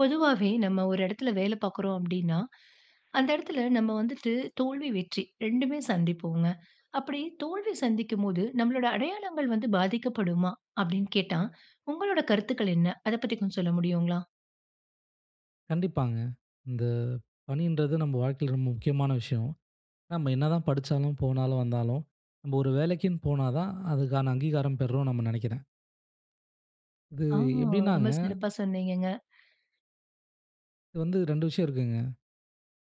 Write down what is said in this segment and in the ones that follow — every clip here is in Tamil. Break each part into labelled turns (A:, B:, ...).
A: பொதுவாவே நம்ம ஒரு இடத்தில வேல பார்க்கிறோம் அப்பிடின்னா, அந்த இடத்தில நம்ம வந்துட்டு தோல்வி, வெற்றி 2மே சந்திப்போங்க. அப்பிடி தோல்வி சந்திக்கும்போது, நம்மளோட அடையாளங்கள் வந்து பாதிக்கப்படுமா? அப்பிடின்னு கேட்டா, உங்களோட கருத்துக்கள் என்ன? அத பத்தி கொஞ்சம் சொல்ல முடியுங்களா?
B: கண்டிப்பாங்க. இந்த பணின்றது நம்ம வாழ்க்கையில ரொம்ப முக்கியமான விஷயம். நம்ம என்னதான் படிச்சாலும், போனாலும் வந்தாலும், நம்ம ஒரு வேலைக்கின்னு போனா தான், அதுக்கான அங்கீகாரம் பெறுறோம் நம்ம நினைக்கிறேன். இது
A: ஆ, ரொம்ப
B: எப்பிடினாங்க
A: சிறப்பா சொன்னீங்கங்க.
B: இது வந்து 2 விஷயம் இருக்குங்க.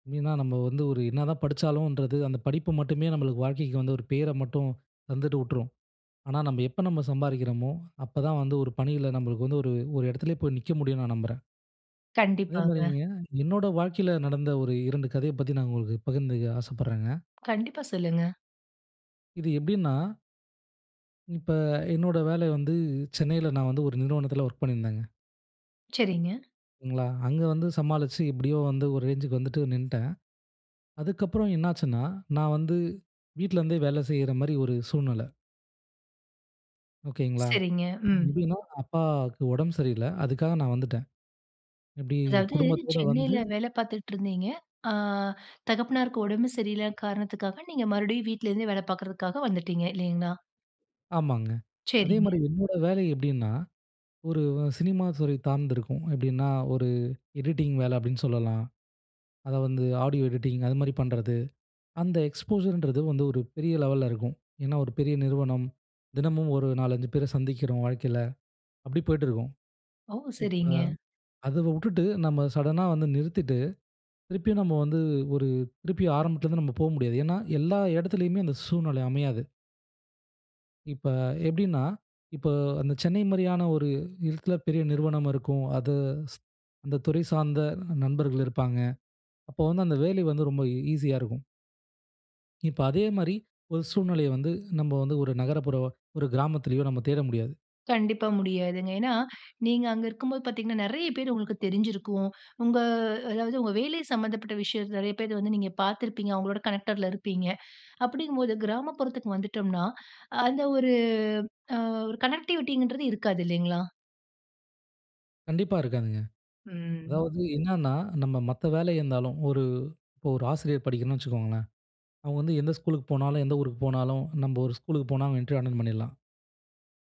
B: எப்பிடின்னா, நம்ம வந்து ஒரு என்ன தான் படிச்சாலும்ன்றது, அந்த படிப்பு மட்டுமே நமக்கு வாழ்க்கைக்கு வந்து, ஒரு பேர மட்டும் தந்துட்டுவுட்டுரும். ஆனா, நம்ம எப்ப நம்ம சம்பாதிக்கிறமோ! அப்ப தான் வந்து ஒரு பணியில நம்மளுக்கு வந்து ஒரு ஒரு இடத்திலே போய் நிற்க முடியும்னு நான் நம்புறேன்.
A: கண்டிப்பாங்க.
B: அதேமாரிங்க என்னோட வாழ்க்கையில நடந்த ஒரு 2 கதைய பத்தி, நான் உங்களுக்கு பகிர்ந்துக்க ஆசப்பட்றேங்க.
A: கண்டிப்பா சொல்லுங்க.
B: இது எப்பிடின்னா இப்ப என்னோட வேலை வந்து, சென்னையில நான் வந்து ஒரு நிறுவனத்தில ஒர்க் பண்ணிருந்தேங்க.
A: சரிங்க.
B: சரிங்களா, அங்க வந்து சமாளிச்சு எப்படியோ வந்து ஒரு ரேஞ்சுக்கு வந்துட்டு நின்னுட்டேன். அதுக்கப்புறம் என்னாச்சுன்னா, நான் வந்து வீட்டில இருந்தே வேலை செய்ற மாரி ஒரு சூழ்நிலை. ஓகேங்களா,
A: சரிங்க, ம்.
B: இதுன்னா அப்பாவுக்கு உடம்பு சரியில்ல. அதுக்காக நான் வந்துட்டேன். எப்படி
A: அதாவது,
B: குடும்பத்தோட வந்து
A: சென்னையில வேலை பார்த்துட்டு இருந்தீங்க. அ தகப்பனாருக்கு உடம்பு சரியில்ல காரணத்துக்காக, நீங்க மறுபடியும் வீட்டில இருந்தே வேலை பார்க்கறதுக்காக வந்துட்டீங்க. இல்லைங்களா?
B: ஆமாங்க. அதே மாரி
A: சரிங்க.
B: என்னோட வேலை எப்படின்னா? ஒரு சினிமா துறை சார்ந்திருக்கும். எப்படின்னா, ஒரு எடிட்டிங் வேலை அப்படின்னு சொல்லலாம். அதை வந்து ஆடியோ எடிட்டிங் அது மாதிரி பண்ணுறது. அந்த எக்ஸ்போஷர் ங்கறது வந்து ஒரு பெரிய லெவல்ல இருக்கும். ஏன்னா, ஒரு பெரிய நிறுவனம். தினமும் ஒரு 4, 5 பேரை சந்திக்கிறோம். வாழ்க்கையில அப்படி போய்ட்டு இருக்கும்.
A: ஓ!
B: இப்ப
A: சரிங்க.
B: அத விட்டுட்டு நாம சடன்னா வந்து நிறுத்திட்டு திருப்பியும் நாம வந்து ஒரு திருப்பியும் ஆரம்பத்தில இருந்து நாம போக முடியாது. ஏன்னா, எல்லா இடத்திலேயுமே அந்த சூழ்நிலை அமையாது. இப்ப எப்படின்னா, இப்போ அந்த சென்னை மாதிரியான ஒரு இடத்தில பெரிய நிறுவனம் இருக்கும். அது ஸ் அந்த துறை சார்ந்த நண்பர்கள் இருப்பாங்க. அப்போ வந்து அந்த வேலை வந்து ரொம்ப ஈசியா இருக்கும். இப்ப அதே மாதிரி ஒரு சூழ்நிலையை வந்து, நம்ம வந்து ஒரு நகரப்புற ஒரு கிராமத்திலயோ நம்ம தேட முடியாது.
A: கண்டிப்பா முடியாதுங்க. ஏன்னா நீங்க அங்க இருக்கும்போது பார்த்தீங்கன்னா, நிறைய பேரு உங்களுக்கு தெரிஞ்சிருக்கும். உங்க அதாவது உங்க வேலை சம்மந்தப்பட்ட விஷயம் நிறைய பேர் வந்து, நீங்க பார்த்திருப்பீங்க. அவங்களோட கனெக்டட்ல இருப்பீங்க. அப்படிங்கும்போது கிராமப்புறத்துக்கு வந்துட்டோம்னா, அந்த ஒரு அ ஒரு கனெக்டிவிட்டிங்ன்றது இருக்காது இல்லீங்களா?
B: கண்டிப்பா இருக்காதுங்க.
A: ம்.
B: அதாவது என்னன்னா, நம்ம மத்த வேலை இருந்தாலும், ஒரு இப்போ ஒரு ஆசிரியர் படிக்கணும்னு வச்சுக்கோங்களேன். அவங்க வந்து எந்த ஸ்கூலுக்கு போனாலும், எந்த ஊருக்கு போனாலும், நம்ப ஒரு ஸ்கூலுக்கு போனா, அவுங்க இன்டர்வியூ அட்டெண்ட் பண்ணிடலாம்.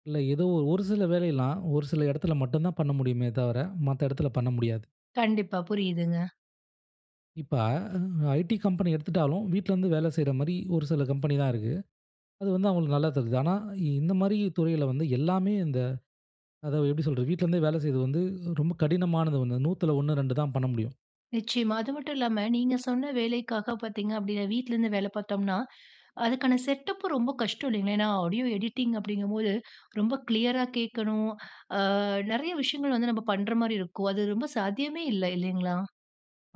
B: இல்ல ஏதோ ஒரு சில வேலையெல்லாம் ஒரு சில இடத்துல மட்டும் தான் பண்ண முடியுமே தவிர, மத்த இடத்துல பண்ண முடியாது.
A: கண்டிப்பா, புரியுதுங்க.
B: இப்ப அ ஐடி கம்பெனி எடுத்துட்டாலும், வீட்ல இருந்து வேலை செய்ற மாரி ஒரு சில கம்பெனி தான் இருக்கு. அது வந்து அவுங்களுக்கு நல்லா தருது. ஆனா இந்த மாதிரி துறையில வந்து எல்லாமே இந்த அதாவது எப்படி சொல்றது? வீட்லருந்தே வேலை செய்றது வந்து, ரொம்ப கடினமானது 1, 100துல 1 2 தான் பண்ண முடியும்.
A: நிச்சயமா, அது மட்டும் இல்லாம, நீங்க சொன்ன வேலைக்காக பார்த்தீங்க அப்படின்னா, வீட்டுல இருந்து வேலை பார்த்தோம்னா, அதுக்கான செட்டப்பு ரொம்ப கஷ்டம் இல்லைங்களா? ஏன்னா ஆடியோ எடிட்டிங் அப்படிங்கும்போது ரொம்ப கிளியரா கேட்கணும். அ நிறைய விஷயங்கள் வந்து நம்ம பண்ற மாதிரி இருக்கும். அது ரொம்ப சாத்தியமே இல்ல இல்லங்களா?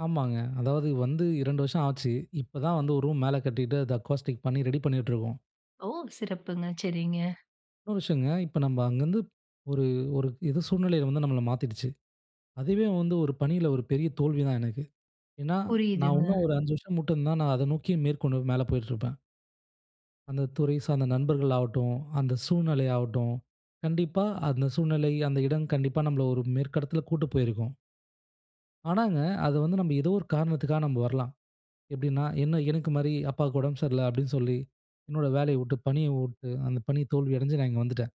B: ஆமாங்க. அதாவது வந்து 2 வருஷம் ஆச்சு. இப்ப தான் வந்து 1 ரூம் மேல கட்டிட்டு அத அக்வாஸ்டிக் பண்ணி ரெடி பண்ணிட்டு இருக்கோம்.
A: ஓ! சிறப்புங்க. சரிங்க.
B: இன்னொரு விஷயங்க, இப்ப நம்ம அங்கருந்து ஒரு ஒரு எதோ சூழ்நிலையில வந்து நம்மள மாத்திடுச்சு. அதுவே வந்து ஒரு பணியில ஒரு பெரிய தோல்வி தான் எனக்கு. ஏனா, நான்
A: புரியுதுங்க.
B: உன்னும் ஒரு 5 வருஷம் இருந்தா நான் அத நோக்கி மேற்கொண்டு மேல போயிட்டு இருப்பேன். அந்த துறை சார்ந்த நண்பர்கள் ஆவட்டும், அந்த சூழ்நிலை ஆவட்டும், கண்டிப்பா அந்த சூழ்நிலை, அந்த இடம் கண்டிப்பா நம்மள ஒரு மேற்கு இடத்தில கூட்டு போயிருக்கும். ஆனாங்க, அது வந்து நம்ம ஏதோ ஒரு காரணத்துக்கா நம்ம வரலாம். எப்பிடின்னா, என்ன எனக்குமாரி அப்பாவுக்கு உடம்பு சரியில்ல. அப்பிடின்னு சொல்லி, என்னோட வேலைய விட்டு பணிய விட்டு அந்த பணி தோல்வி அடஞ்சு நான் இங்க வந்துட்டேன்.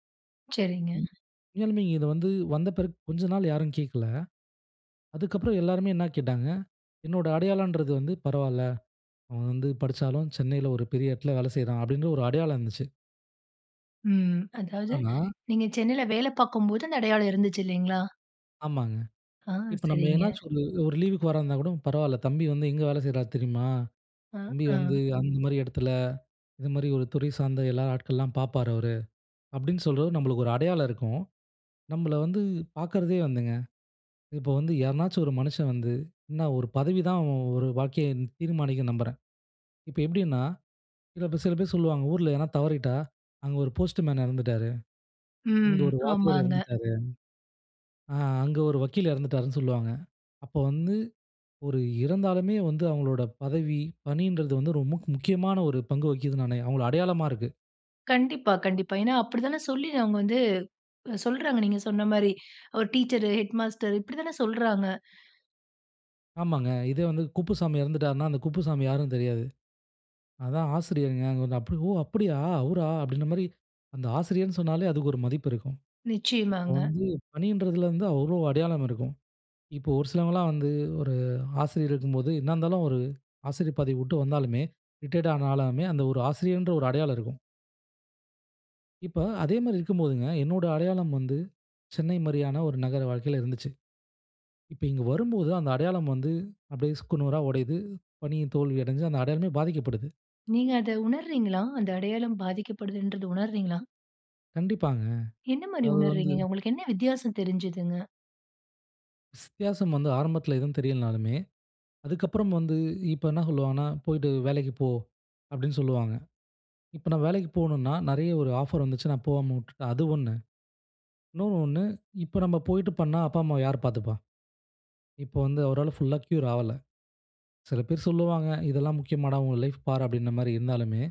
A: சரிங்க.
B: [unintelligible] உண்மையாலுமே இங்க இத வந்து வந்த பிறகு கொஞ்ச நாள் யாரும் கேட்கல. அதுக்கு அப்பறம் எல்லாருமே என்னா கேட்டாங்க? என்னோட அடையாளன்றது வந்து பரவால்ல. அவன் வந்து படிச்சாலும் சென்னையில ஒரு பெரிய இடத்தில வேல செய்றான், அப்பிடின்ற ஒரு அடையாளம் இருந்துச்சு.
A: ம். அதாவது
B: ஆனா,
A: நீங்க சென்னையில வேல பார்க்கும்போது அந்த அடையாளம் இருந்துச்சு இல்லேங்களா?
B: ஆமாங்க.
A: ஆ,
B: இப்ப நம்ம
A: சரிங்க.
B: என்னாச்சுக்கு வந்து ஒரு ஒரு லீவுக்கு வர இருந்தா கூட பரவால்ல. "தம்பி வந்து எங்க வேல செய்றாரு தெரியுமா?
A: அ,
B: தம்பி வந்து
A: ஆ.
B: அந்த மாரி இடத்தில, இந்த மாரி ஒரு துறை சார்ந்த எல்லா ஆட்கள்லாம் பார்ப்பாரு அவரு." அப்பிடின்னு சொல்ற நம்மளுக்கு ஒரு அடையாளம் இருக்கும். நம்மள வந்து பார்க்கறதே வந்துங்க இப்போ வந்து யாரனாச்சும் ஒரு மனுஷன் வந்து என்ன ஒரு பதவிதான் அவன் ஒரு வாழ்க்கைய தீர்மானிக்கிது நம்புறேன். இப்போ எப்பிடின்னா சில பேர் சில பேர் சொல்லுவாங்க. ஊர்ல எதுனா தவறிட்டா, அங்க ஒரு போஸ்ட்டு மேன் இறந்துட்டாரு. இங்க
A: ம்.
B: ஒரு வாத்தியார்
A: ஆமாங்க.
B: இறந்துட்டாரு. ஆ அங்க ஒரு வக்கீல் இறந்துட்டாருனு, சொல்லுவாங்க. அப்போ வந்து ஒரு இறந்தாலுமே வந்து அவங்களோட பதவி, பணின்றது வந்து ரொம்ப முக் முக்கியமான ஒரு பங்கு வகிக்கிது [unintelligible] அவுங்களோட அடையாளமா இருக்கு.
A: கண்டிப்பா, கண்டிப்பா. ஏனா, அப்படி தான சொல்லி அவங்க வந்து சொல்றாங்க, நீங்க சொன்ன மாரி. "ஒரு டீச்சரு, ஹேட்மாஸ்டரு." இப்படி தான சொல்கிறாங்க.
B: ஆமாங்க. இதே வந்து குப்புசாமி இறந்துவிட்டார்னா, அந்த குப்புசாமி யாருன்னு தெரியாது. "அதான் ஆசிரியர்ங்க." அப்போ, ஓ அப்டியா! அவுரா அப்டின்ற மாரி. அந்த ஆசிரியர்ன்னு சொன்னாலே அதுக்கு ஒரு மதிப்பு இருக்கும். இப்போ
A: நிச்சயமாங்க.
B: வந்து பணின்றதிலேருந்து அவ்ளோ அடையாளம் இருக்கும். இப்போ, ஒரு சிலவங்கலாம் வந்து ஒரு ஆசிரியர் இருக்கும்போது, என்னா இருந்தாலும் ஒரு ஆசிரியர் பதவி விட்டு வந்தாலுமே ரிட்டயர்ட் ஆனாலுமே, அந்த ஒரு ஆசிரியர் என்ற ஒரு அடையாளம் இருக்கும். இப்ப, அதே மாரி இருக்கும்போதுங்க, என்னுடைய அடையாளம் வந்து, சென்னை மாரியான ஒரு நகர வாழ்க்கையில இருந்துச்சு. இப்ப இங்கு வரும்போது அந்த அடையாளம் வந்து, அப்டியே சுக்குநூறா உடையுது. பணிய தோல்வி அடைஞ்சு, அந்த அடையாளமே பாதிக்கப்படுது.
A: நீங்க அத உணர்றீங்களா? அந்த அடையாளம் பாதிக்கப்படுதுன்றது உணர்றீங்களா?
B: கண்டிப்பாங்க.
A: என்ன மாரி
B: அத வந்து
A: உணர்றீங்கங்க? உங்களுக்கு என்ன வித்தியாசம் தெருஞ்சுதுங்க?
B: ஸ் வித்தியாசம் வந்து ஆரம்பத்தில எதுவும் தெரியலனாலுமே, அதுக்கப்புறம் வந்து இப்ப என்ன சொல்வாங்கன்னா, "போய்ட்டு வேலைக்கு போ." அப்டின்னு சொல்லுவாங்க. இப்ப நான் வேலைக்கு போகணும்னா, நிறைய ஒரு ஆஃபர் வந்துச்சு நான் போகாம விட்டுட்டேன், அது ஒண்ணு. இன்னொன்னு ஒண்ணு, இப்ப நம்ம போயிட்டு பண்ணா அப்பா அம்மாவை யார் பார்த்துப்பா? இப்போ வந்து அவரால் ஃபுல்அ கியூர் ஆகல சில பேர் சொல்லுவாங்க இதெல்லாம் முக்கியமாடா? உன் லைஃப் பார் அப்டின்ற மாரி இருந்தாலுமே,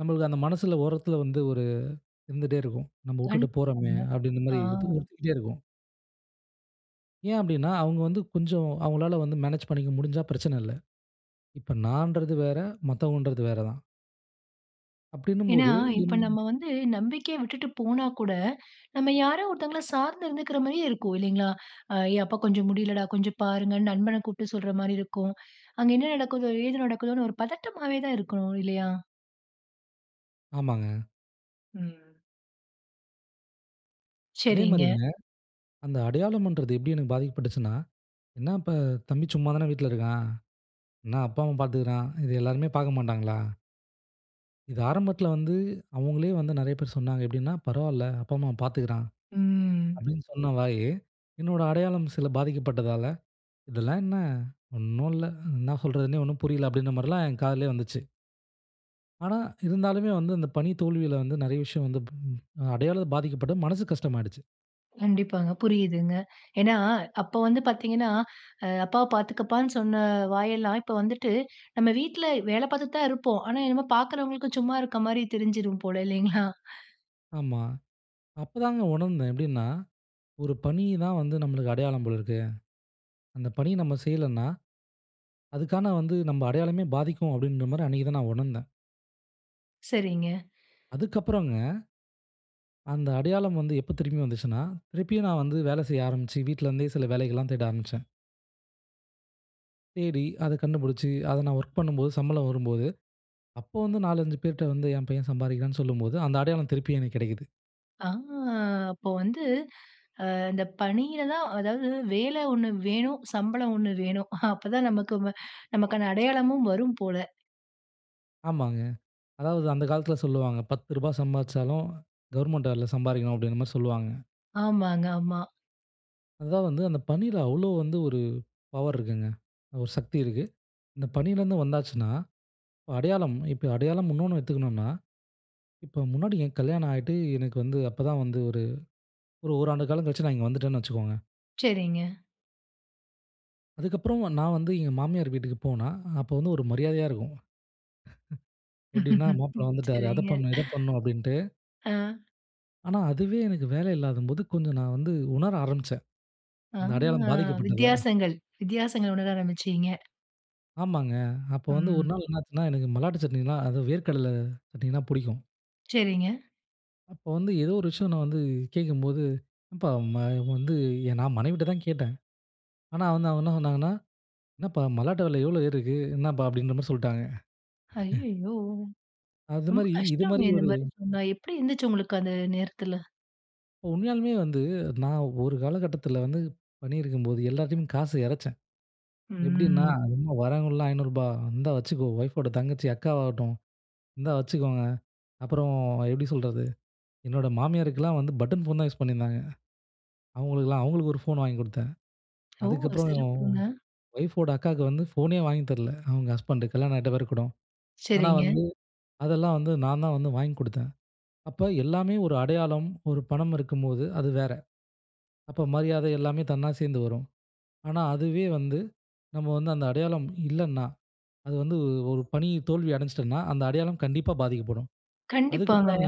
B: நம்மளுக்கு அந்த மனசில ஓரத்தில வந்து, ஒரு இருந்துட்டே இருக்கும். நம்ம
A: கண்டிப்
B: உட்டுட்டு போறோமே
A: [unintelligible]
B: அப்டின்ற மாரி இதுவும்
A: ஆ.
B: உறுத்திக்கிட்டே இருக்கும். ஏன் அப்படின்னா, அவுங்க வந்து கொஞ்சம் அவுங்களால வந்து மேனேஜ் பண்ணிக்க முடிஞ்சா பிரச்சனை இல்ல. இப்ப நான்றது வேற, மத்தவங்கன்றது வேற தான்.
A: ஏன்னா,
B: அப்படின்னும்போது.
A: இப்போ
B: [unintelligible]
A: நம்ம வந்து நம்பிக்கையா விட்டுட்டு போனா கூட, நம்ம யாரோ ஒருத்தவங்கள சார்ந்து இருந்துக்குற மாதிரியே இருக்கும் இல்லைங்களா? அ "ஏயப்பா கொஞ்சம் முடியலடா, கொஞ்சம் பாருங்க." நண்பனை கூப்பிட்டு சொல்ற மாரி இருக்கும். அங்க என்ன நடக்குதோ? எது நடக்குதோன்னு ஒரு பதட்டமாவே தான் இருக்கணும் இல்லையா?
B: ஆமாங்க.
A: ம். சரிங்க.
B: அதேமாரிங்க, அந்த அடையாளம்ண்றது எப்படி எனக்கு பாதிக்கப்பட்டுசுன்னா? என்ன இப்ப தம்பி சும்மா தானே வீட்ல இருக்கான்? என்ன அப்பா, அம்மா பார்த்துக்குறான்? இதை எல்லோருமே பார்க்க மாட்டாங்களா? இது ஆரம்பத்துல வந்து அவுங்களே வந்து நிறைய பேர் சொன்னாங்க எப்படின்னா "பரவாயில்லை, அப்பா, அம்மா பார்த்துக்குறான்."
A: ம்.
B: அப்படின்னு சொன்ன வாய். என்னுடைய அடையாளம் சில பாதிக்கப்பட்டதால, "இதெல்லாம் என்ன ஒண்ணும் இல்ல? என்ன சொல்றதுனே ஒண்ணும் புரியல?" அப்படின்ற மாதிரிலாம் என் காதிலேயே வந்துச்சு. ஆனா இருந்தாலுமே வந்து அந்த பணி தோல்வியில வந்து நிறைய விஷயம் வந்து பு அடையாளம் பாதிக்கப்பட்டு மனசு கஷ்டமாயிடுச்சு.
A: கண்டிப்பாங்க புரியுதுங்க. ஏன்னா அப்போ வந்து பார்த்தீங்கன்னா அ "அப்பாவ பார்த்துக்கப்பானு" சொன்ன வாயெல்லாம், இப்போ வந்துட்டு நம்ம வீட்ல வேலை பார்த்துக்கிட்டு தான் இருப்போம். ஆனா என்னமோ பார்க்கிறவங்களுக்கு சும்மா இருக்க மாரி தெரிஞ்சுறும் போல இல்லைங்களா?
B: ஆமா, அப்போ தாங்க உணர்ந்தேன் எப்படின்னா, "ஒரு பணி தான் வந்து நம்மளுக்கு அடையாளம் போல இருக்கு. அந்த பணிய நாம் செய்யலன்னா, அதுக்கான வந்து நம்ம அடையாளமே பாதிக்கும்." அப்படிங்கிற மாரி அன்னைக்கு தான் நான் உணர்ந்தேன்.
A: சரிங்க.
B: அதுக்கப்புறங்க. அந்த அடையாளம் வந்து எப்போ திரும்பி வந்துச்சுன்னா, திருப்பியும் நான் வந்து வேல செய்ய ஆரம்பிச்சு, வீட்ல இருந்தே சில வேலைகள்லாம் தேட ஆரம்பிச்சேன். தேடி அத கண்டுபிடிச்சு. அத நான் வொர்க் பண்ணும்போது, சம்பளம் வரும்போது, அப்போ வந்து 4, 5 பேர்கிட்ட வந்து என் பையன் சம்பாதிக்கிறான்னு சொல்லும்போது, அந்த அடையாளம் திருப்பி எனக்கு கிடைக்குது.
A: ஆ அப்போ வந்து அ இந்த பணியில தான் அதாவது வேலை 1 வேணும். சம்பளம் 1 வேணும். அப்போ தான் நமக்கு நமக்கான அடையாளமும் வரும் போல.
B: ஆமாங்க. அதாவது அந்த காலத்தில சொல்லுவாங்க, "ரூ.10 சம்பாதிச்சாலும் கவர்ன்மெண்ட் வேலையில சம்பாதிக்கணும்." அப்படிங்கிற மாரி சொல்லுவாங்க.
A: ஆமாங்க, ஆமா.
B: அது தான் வந்து, அந்த பணியில அவ்வளவு வந்து ஒரு பவர் இருக்குங்க ஒரு சக்தி இருக்கு. இந்த பணியில இருந்து வந்தாச்சுன்னா, அடையாளம் இப்போ அடையாளம் இன்னொன்னு வச்சுக்கணும்ன்னா. இப்போ முன்னாடி என் கல்யாணம் ஆயிட்டு எனக்கு வந்து அப்போ தான் வந்து ஒரு 1 ஓராண்டு காலம் கழிச்சு நான் இங்க வந்துட்டேன்னு வச்சுக்கோங்க.
A: சரிங்க.
B: அதுக்கப்புறம் நான் வந்து எங்க மாமியார் வீட்டுக்கு போனா, அப்போ வந்து ஒரு மரியாதையா இருக்கும். எப்பிடின்னா, மாப்பிள்ள வந்துவிட்டாரா! அத
A: சரிங்க.
B: பண்ணணும், இதை பண்ணணும் அப்பிடின்ட்டு
A: ஆ.
B: ஆனா, அதுவே எனக்கு வேலை இல்லாதம்போது, கொஞ்சம் நான் வந்து உணர ஆரம்பிச்சேன்.
A: ஆ
B: அந்த அடையாளம் பாதிக்கப்பட்டத.
A: வித்தியாசங்கள். வித்தியாசங்கள் உணர ஆரம்பிச்சீங்க.
B: ஆமாங்க. அப்போ வந்து ஒரு
A: ம்.
B: நாள் என்னாச்சுன்னா எனக்கு மல்லாட்டு சட்னின்னா அதாது வேர்க்கடலை சட்னின்னா பிடிக்கும்.
A: சரிங்க.
B: அப்போ வந்து ஏதோ ஒரு விஷயம் நான் வந்து கேட்கும்போது, ஏப்பா! ம வந்து நான் மனைவிட்ட தான் கேட்டேன். ஆனா வந்து அவுங்க என்ன சொன்னாங்கன்னா, என்னப்பா மல்லாட்ட வில எவ்ளோ ஏறிருக்கு! என்னப்பா? அப்பிடின்றமாரி சொல்ட்டாங்க.
A: ஐய்யயோ! ரொம்ப
B: அதுமாரி, இதுமாரி
A: கஷ்டமே
B: ஒரு
A: இந்தமாரி சொன்னா, எப்பிடி இருந்துச்சு? உங்களுக்கு அந்த நேரத்தில.
B: உண்மையாலுமே வந்து, நான் ஒரு காலகட்டத்தில வந்து பணியிருக்கும்போது, எல்லாத்தையும் காச இறச்சேன். எப்பிடின்னா
A: ம்.
B: [unintelligible] வரவங்கலாம் ரூ. 500 இருந்தா வச்சுக்கோ! ஒய்ஃப்போட தங்கச்சி, அக்காவாகட்டும் இந்தா வச்சுக்கோங்க. அப்புறம் எப்பிடி சொல்றது? என்னோட மாமியாருக்கெல்லாம் வந்து பட்டன் ஃபோன் தான் யூஸ் பண்ணியிருந்தாங்க. அவுங்களுக்குலாம் அவுங்களுக்கு ஒரு ஃபோன் வாங்கி கொடுத்தேன்.
A: ஓ!
B: அதுக்கப்புறம்
A: சிறப்புங்க.
B: ஒய்ஃப்போட அக்காவுக்கு வந்து ஃபோனே வாங்கி தரல. அவுங்க ஹஸ்பண்ட் கல்யாணம் ஆயிட்ட பேருகூட. ஆனா
A: சரிங்க.
B: வந்து, அதெல்லாம் வந்து நான்தான் வந்து வாங்கி கொடுத்தேன். அப்ப எல்லாமே ஒரு அடையாளம், ஒரு பணம் இருக்கும்போது, அது வேற. அப்போ மரியாதை எல்லாமே தன்னா சேர்ந்து வரும். ஆனா, அதுவே வந்து நம்ம வந்து அந்த அடையாளம் இல்லன்னா, அது வந்து ஒரு பணி தோல்வி அடஞ்சிட்டன்னா, அந்த அடையாளம் கண்டிப்பா பாதிக்கப்படும்.
A: கண்டிப்பாங்க.
B: அதுக்கப்பறங்க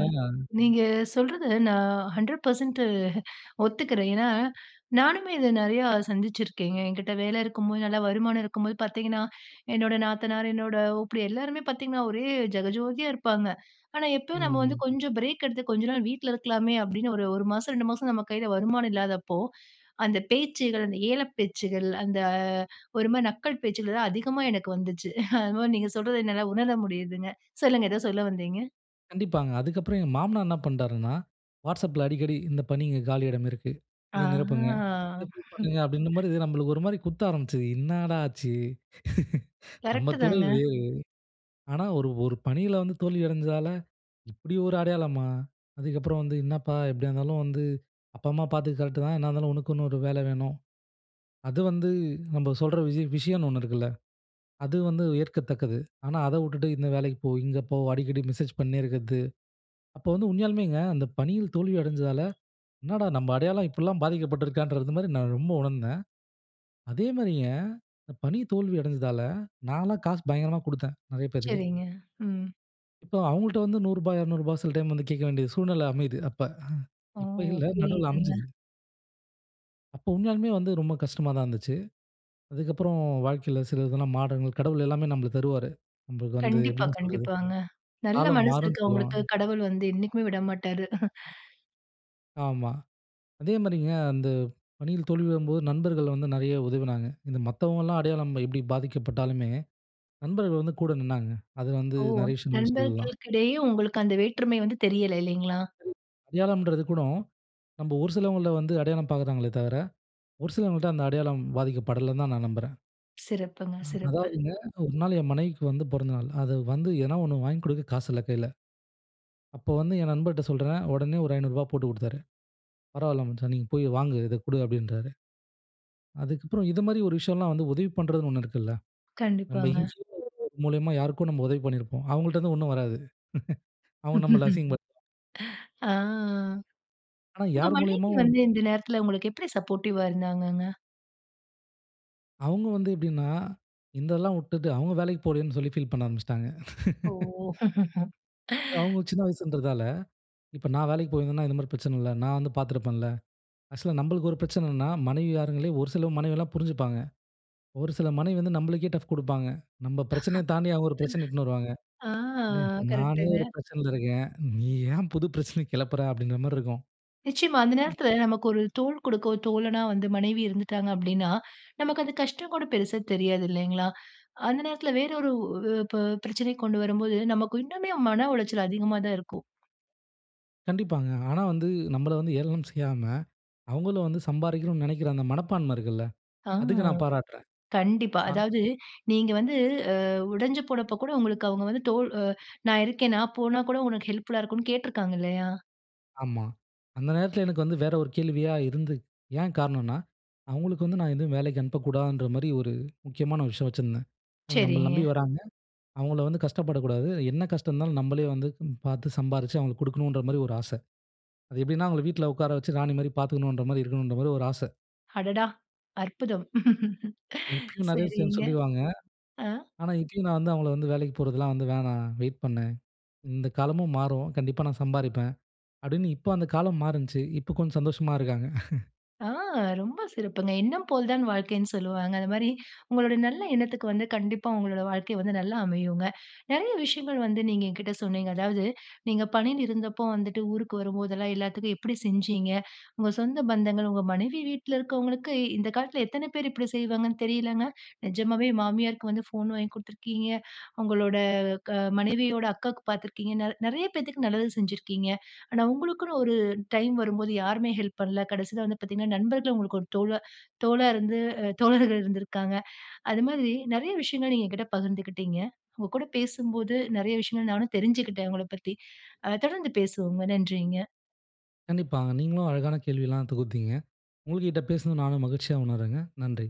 A: நீங்க சொல்றது நான் 100% ஒத்துக்கிறேன். ஏன்னா, நானுமே இத நிறையா சந்திச்சுருக்கேங்க. என்கிட்ட வேல இருக்கும்போது, நல்லா வருமானம் இருக்கும்போது பார்த்தீங்கன்னா என்னோட நாத்தனார், என்னோட ஓப்பிடியா, எல்லாருமே பார்த்தீங்கன்னா, ஒரே ஜகஜோதியா இருப்பாங்க. ஆனா, எப்ப நாம வந்து
B: ம்.
A: கொஞ்சம் பிரேக் எடுத்து கொஞ்ச நாள் வீட்ல இருக்கலாமே அப்பிடின்னு ஒரு 1 மாசம், 2 மாசம் நம்ம கையில வருமானம் இல்லாதப்போ, அந்த பேச்சுகள், அந்த ஏளன பேச்சுகள், அந்த ஒருமாரி நக்கல் பேச்சுகளலாம் அதிகமா எனக்கு வந்துச்சு. அதுமாரி நீங்க சொல்றத என்னால உணர முடியுதுங்க. சொல்லுங்க! ஏதோ சொல்ல வந்தீங்க!
B: கண்டிப்பாங்க. அதுக்கப்புறம் எங்க மாமனார் என்ன பண்ணிட்டாருன்னா, WhatsAppல அடிக்கடி "இந்த பணி இங்கு காலியிடம் இருக்கு. இத நிரப்புங்க. இத
A: ஆஹ.
B: ஃபில் பண்ணுங்க." அப்படிங்கற மாரி நமக்கு ஒரு மாரி குத்த ஆரம்பிச்சது. 'என்னடா ஆச்சு? நம்ம
A: கரெக்ட்டு
B: துறை
A: தாங்க.
B: வேற. ஆனா ஒரு ஒரு பணியில வந்து தோல்வி அடஞ்சதால இப்படி ஒரு அடையாளமா! அதுக்கப்புறம் வந்து என்னப்பா எப்படியா இருந்தாலும் வந்து, அப்பா அம்மா பார்த்துகறது கரெக்ட்டு தான். என்ன இருந்தாலும் உனக்குன்னு ஒரு வேலை வேணும். அது வந்து நம்ம சொல்ற விஷய விஷயம்னு ஒண்ணு இருக்குல்ல. அது வந்து ஏற்கத்தக்கது.' ஆனா அத விட்டுட்டு இந்த வேலைக்கு போ, இங்கே போ, அடிக்கடி மெசேஜ் பண்ணினே இருக்கறது, அப்போ வந்து உண்மையாலுமேங்க அந்த பணியில தோல்வி அடைஞ்சதால, 'என்னடா நம்ம அடையாளம் இப்படிலாம் பாதிக்கப்பட்டுருக்கான்றது, மாரி நான் ரொம்ப உணர்ந்தேன்.' அதேமாரிங்க, இந்த பணி தோல்வி அடைஞ்சதால நான்லாம் காசு பயங்கரமா கொடுத்தேன். நிறைய பேருக்கு
A: சரிங்க. ம்
B: இப்போ அவங்கள்ட்ட வந்து ரூ.100 ரூ.200 சில டைம் வந்து கேட்க வேண்டிய சூழ்நிலை அமையுது அப்ப.
A: ஓ!
B: இப்ப இல்ல நடுவுல
A: புரியுதுங்க.
B: அமைஞ்சது. அப்போ உண்மையாலுமே வந்து ரொம்ப கஷ்டமா தான் இருந்துச்சு. அதுக்கப்புறம் வாழ்க்கையில சில இதெல்லாம் மாட கடவுள் எல்லாமே நமக்கு தருவாரு. நமக்கு வந்து
A: கண்டிப்பா,
B: எப்படின்னு சொல்றது.
A: கண்டிப்பாங்க. நல்ல
B: காலம்
A: மனசு
B: மாறும்ன்னு
A: இருக்கிறவங்களுக்கு
B: சொல்லுவாங்க.
A: கடவுள் வந்து என்னைக்குமே விடமாட்டாரு.
B: ஆமா, அதே மாரிங்க அந்த பணியில் தோல்வி வரும்போது நண்பர்கள் வந்து நிறைய உதவினாங்க. இந்த மத்தவங்கலாம் அடையாளம் எப்டி பாதிக்கப்பட்டாலுமே, நண்பர்கள் வந்து கூட நின்னாங்க. அது வந்து
A: ஓ!
B: நிறையா விஷயங்கள் சொல்லலாம்.
A: நண்பர்களுக்கிடையே உங்களுக்கு அந்த வேற்றுமை வந்து தெரியல இல்லைங்களா?
B: அடையாளம்ன்றது கூட, நம்ப ஒரு சிலவங்கள வந்து அடையாளம் பாக்குறாங்களே தவிர, ஒரு சிலவங்கிட்ட அந்த அடையாளம் பாதிக்கப்படலன்னு தான் நான் நம்புறேன்.
A: சிறப்புங்க,
B: அ
A: சிறப்பு.
B: அதாவதுங்க, ஒரு நாள் என் மனைவிக்கு வந்து பொறந்தநாள். அத வந்து எதாவது ஒண்ணு வாங்கிக் கொடுக்க காசு இல்ல கையில. அப்போ வந்து என் நண்பர்ட சொல்றேன் உடனே ஒரு ரூ.500 போட்டுக் கொடுத்தாரு. "பரவால்ல மச்சான், நீங்க போய் வாங்கு இத கொடு" அப்டின்றாரு. அதுக்கப்றம் இது மாரி ஒரு விஷயம்லாம் வந்து உதவி பண்றதுன்னு ஒண்ணு இருக்குல்ல. நம்ம
A: கண்டிப்பாங்க.
B: [unintelligible] மூலியமா யாருக்கோ நம்ம உதவி பண்ணிருப்போம். அவங்கள்ட இருந்து ஒண்ணும் வராது. அவங்க நம்ம அசிங்க
A: ஆ,
B: ஆனா
A: உங்க
B: யார் மூலியமா
A: மனைவி வந்து இந்த நேரத்துல உங்களுக்கு எப்டி சப்போர்டிவ்வா இருந்தாங்கங்க?
B: அவங்க வந்து எப்டின்னா, இந்த எல்லாம் விட்டுட்டு அவங்க வேலைக்கு போலேன்னு சொல்லி ஃபீல் பண்ண ஆரம்பிச்சுட்டாங்க.
A: ஓ!
B: அவங்க சின்ன வயசுன்றதால இப்ப நான் வேலைக்கு போயிருந்தேன்னா, இந்த மாரி பிரச்சன இல்ல. நான் வந்து பார்த்துருப்பேன்ல. ஆக்சுவலா நம்மளுக்கு ஒரு பிரச்சனன்னா, மனைவி மாறுங்களே ஒரு சில மனைவலாம் புரிஞ்சிப்பாங்க. ஒரு சில மனைவி வந்து நம்மளுக்கே டஃப் குடுப்பாங்க. நம்ம பிரச்சனைய தாண்டி அவங்க ஒரு பிரச்சன இழுதுட்டு வருவாங்க.
A: ஆ,
B: "நானே ஒரு
A: கரெக்ட்டுங்க.
B: பிரச்சனைல இருக்கேன். நீ ஏன் புது பிரச்சனைய கிளப்புற அப்டிங்கற?" மாரி இருக்கும்.
A: நிச்சயமா அந்த நேரத்துல நமக்கு ஒரு தோள் கொடுக்க, தோழனா வந்து மனைவி இருந்துட்டாங்க அப்டின்னா, நமக்கு அந்த கஷ்டம் கூட பெருசா தெரியாது இல்லைங்களா. அந்த நேரத்துல வேற ஒரு, ப பிரச்சனை கொண்டு வரும் போது நமக்கு இன்னுமே மன உளைச்சல் அதிகமா தான் இருக்கும்.
B: கண்டிப்பாங்க. ஆனா வந்து நம்பள வந்து ஏளனம் செய்யாம, அவுங்கள வந்து சம்பாரிக்கணும் நினைக்கிற அந்த மனப்பான்மை இருக்குல்ல.
A: ஆ.
B: அதுக்கு நான் பாராட்றேன்.
A: கண்டிப்பா.
B: ஆ.
A: அதாவது, நீங்க வந்து அ உடஞ்சு போனப்போ கூட உங்களுக்கு அவுங்க வந்து தோள் அ நான் இருக்கேன், நான் போனா கூட உனக்கு ஹெல்ப்ஃபுல்லா இருக்குன்னு கேட்டுருக்காங்க இல்லயா?
B: ஆமா. அந்த நேரத்தில எனக்கு வந்து வேற ஒரு கேள்வியா இருந்து ஏன் காரணன்னா, "அவுங்களுக்கு வந்து நான் எதும் வேலைக்கி அனுப்பக்கூடாதுன்ற மாரி ஒரு, முக்கியமான ஒரு விஷயம் வச்சிருந்தேன். ஏன்னா, நம்பள நம்பி
A: சரிங்க.
B: வராங்க. அவுங்கள வந்து கஷ்டப்படக்கூடாது, என்ன கஷ்டம் இருந்தாலும் நம்பளே வந்து பாத்து, சம்பாரிச்சு அவுங்களுக்கு குடுக்கணுன்றமாரி ஒரு ஆச." அது எப்பிடின்னா அவுங்கள வீட்ல உட்கார வச்சு ராணிமாரி பாத்துக்கணுன்றமாரி இருக்கணுன்றமாரி ஒரு ஆச.
A: அடடா! அற்புதம்!
B: இப்பயும் நெறைய விஷயம்
A: சரிங்க.
B: சொல்லிருவாங்க.
A: ஆ.
B: ஆனா, இப்பயும் நான் வந்து, அவுங்கள வந்து "வேலைக்கு போறதுலாம் வந்து வேணாம், வெயிட் பண்ணு. இந்த காலமும் மாறும். கண்டிப்பா நான் சம்பாரிப்பேன்." அப்டின்னு, இப்ப அந்த காலம் மாறுண்ச்சு. இப்ப கொஞ்சம் சந்தோஷமா இருக்காங்க.
A: ஆ, ரொம்ப சிறப்புங்க. எண்ணம் போல் தான் வாழ்க்கைன்னு சொல்லுவாங்க. அந்தமாரி உங்களோட நல்ல எண்ணத்துக்கு வந்து கண்டிப்பா உங்களோட வாழ்க்கை வந்து நல்லா அமையுங்க. நெறைய விஷயங்கள் வந்து நீங்க என்கிட்ட சொன்னீங்க. அதாவது, நீங்க பணியில் இருந்தப்போ வந்துட்டு ஊருக்கு வரும்போதெல்லாம், எல்லாத்துக்கும் எப்பிடி செஞ்சீங்க? உங்க சொந்த பந்தங்கள், உங்க மனைவி வீட்ல இருக்கவங்களுக்கு இந்த காலத்ல எத்தன பேரு இப்பிடி செய்வாங்கன்னு தெரியலங்க! நெஜமாவே மாமியாருக்கு வந்து ஃபோன் வாங்கி குடுத்துருக்கீங்க. உங்களோட க மனைவியோட அக்காக்கு பாத்துருக்கீங்கனால் நெறைய பேத்துக்கு நல்லது செஞ்சிருக்கீங்க. ஆனா உங்களுக்குன்னு ஒரு டைம் வரும்போது யாருமே ஹெல்ப் பண்ல. கடைசில வந்து பாத்தீங்கன்னா, நண்பர்கள் உங்களுக்கு ஒரு தோழ தோளா இருந்து அ தோழர்கள் இருந்திருக்காங்க. அது மாதிரி நெறைய விஷயங்கள் நீங்க என்கிட்ட பகிர்ந்துக்கிட்டீங்க. உங்க கூட பேசும்போது நெறைய விஷயங்கள் நானும் தெரிஞ்சுக்கிட்டேன், உங்கள பத்தி. அ தொடர்ந்து பேசுவோங்க. நன்றிங்க.
B: கண்டிப்பாங்க. நீங்களும் அழகான கேள்வி எல்லாம் தொகுத்தீங்க. உங்கக்கிட்ட பேசினது நானும் மகிழ்ச்சியா உணர்றேங்க. நன்றி.